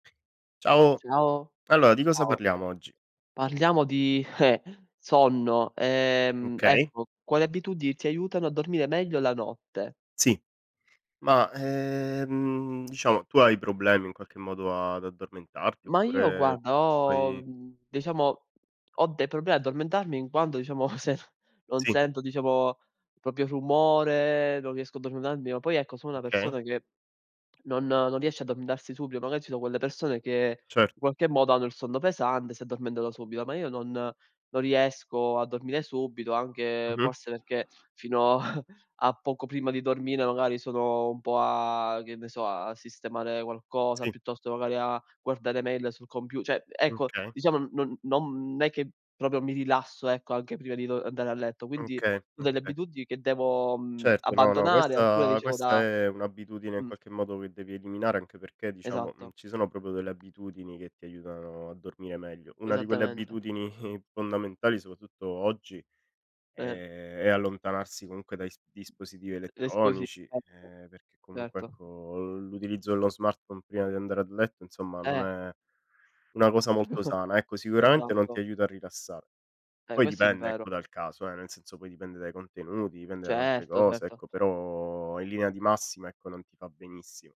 Ciao. Ciao, Allora, di cosa ciao. parliamo oggi? Parliamo di, eh, sonno. Ehm, Okay. ecco, quali abitudini ti aiutano a dormire meglio la notte? Sì. Ma, ehm, diciamo, tu hai problemi in qualche modo a ad addormentarti, Ma io oppure guarda, ho fai mhmm, diciamo, ho dei problemi a addormentarmi in quando, diciamo, se non Sì. sento, diciamo, proprio rumore, non riesco a addormentarmi, o poi ecco sono una Okay. persona che non non riesce a addormentarsi subito: magari ci sono quelle persone che, Cer in qualche modo, hanno il sonno pesante, si addormentano subito, ma io non non riesco a dormire subito. Anche Mh-mh. forse perché fino, a a poco prima di dormire magari sono un po' a che ne so, a sistemare qualcosa, Sì. piuttosto magari a guardare mail sul compiu cioè, mhmm, Mh, ecco, okay. diciamo, n non non è che proprio mi rilasso, ecco, anche prima di do uhm, andare a letto. Quindi, Okay, ho delle okay. abitudini che devo, mhmm, Certo, no, no, abbandonare, alcune questa dicevo questa da è un'abitudine, in mh. qualche modo, che devi eliminare, anche perché diciamo, mhmm, Esatto. ci sono proprio delle abitudini che ti aiutano a dormire meglio. 1 di quelle Esattamente. abitudini fondamentali, soprattutto oggi, è Eh. è allontanarsi, comunque, dai s dispositivi L'esposi elettronici, [unintelligible] uhm, perché comunque, certo. ecco, l'utilizzo dello smartphone prima di andare ad letto, insomma, non Eh. è, una cosa molto [unintelligible] sana. Ecco, sicuramente non ti Esatto. aiuta a rilassare. Eh, Poi questo è dipende vero. ecco dal caso, eh, nel senso poi dipende dai contenuti, dipende da tante Certo, cose certo. ecco, però in linea di massima, ecco, non ti fa benissimo.